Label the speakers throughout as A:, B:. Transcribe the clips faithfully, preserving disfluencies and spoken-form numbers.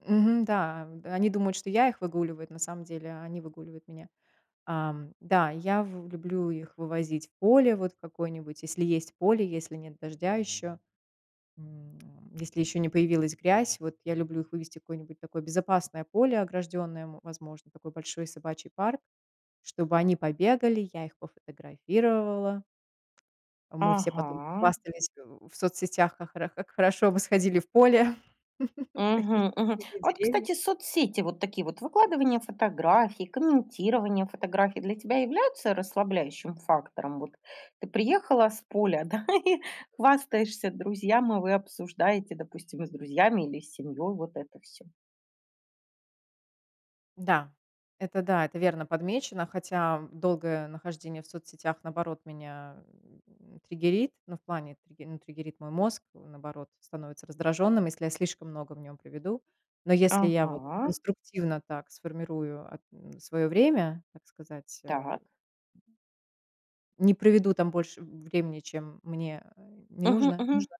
A: Мгм, да, они думают, что я их выгуливаю, эт на самом деле они выгуливают меня. Эм. Да, я в люблю их вывозить в поле, вот в какое-нибудь, если есть поле, если нет дождя ещё. М, если ещё не появилась грязь. Вот я люблю их вывести в какое-нибудь такое безопасное поле ограждённое, м, возможно, такой большой собачий парк, чтобы они побегали. Я их пофотографировала. Мы все потом
B: Ага.
A: похвастались в соцсетях, как хоро как хорошо мы сходили в поле. Какие
B: Мгм, мгм.
A: красивые
B: Вот,
A: деревья.
B: кстати, соцсети, вот такие вот выкладывание фотографий, комментирование фотографий для тебя являются расслабляющим фактором? Вот ты приехала с поля, да, и хвастаешься друзьям, и вы обсуждаете, допустим, с друзьями или семьёй вот это всё.
A: Да, это да, это верно подмечено, хотя долгое нахождение в соцсетях, наоборот, меня, м, триггерит. Ну, в плане три ну, триггерит мой мозг, м, наоборот, становится раздражённым, если я слишком много в нём проведу. Но если я вот
B: Ага.
A: конструктивно так сформирую эт своё время, так сказать, э
B: Так.
A: Не проведу там больше времени, чем мне, э, не
B: Мгм
A: нужно
B: мгм.
A: нужно.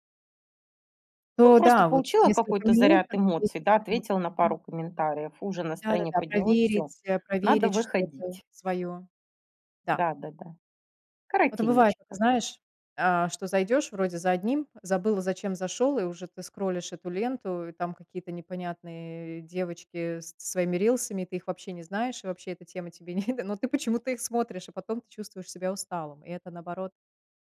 B: Ну,
A: То
B: просто
A: да, вот
B: получила
A: несколько
B: какой-то
A: минут,
B: заряд
A: там вот
B: эмоций, да,
A: десять минут.
B: ответила на
A: Мгм.
B: пару комментариев. Уже настроение
A: Да-да-да,
B: поднялось. Всё,
A: проверить, э,
B: надо
A: проверить что-то
B: выходить.
A: своё. Да.
B: Да-да-да.
A: А то бывает, это
B: Коротенечко.
A: знаешь, э, что зайдёшь вроде за одним, забыл, зачем зашёл, и уже ты скроллишь эту ленту, и там какие-то непонятные девочки со своими рилсами, ты их вообще не знаешь, и вообще эта тема тебе не но ты почему-то их смотришь, а потом ты чувствуешь себя усталым. И это, наоборот,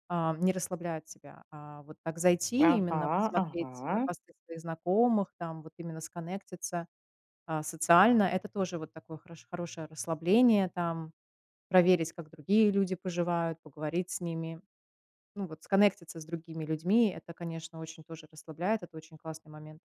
A: э, не расслабляет тебя. А вот так зайти, именно
B: Ага
A: посмотреть на
B: ага.
A: посты своих знакомых там, вот именно сконнектиться, э, социально. Это тоже вот такое хоро хорошее расслабление, там проверить, как другие люди поживают, поговорить с ними. Ну вот сконнектиться с другими людьми- это, конечно, очень тоже расслабляет. Это очень классный момент.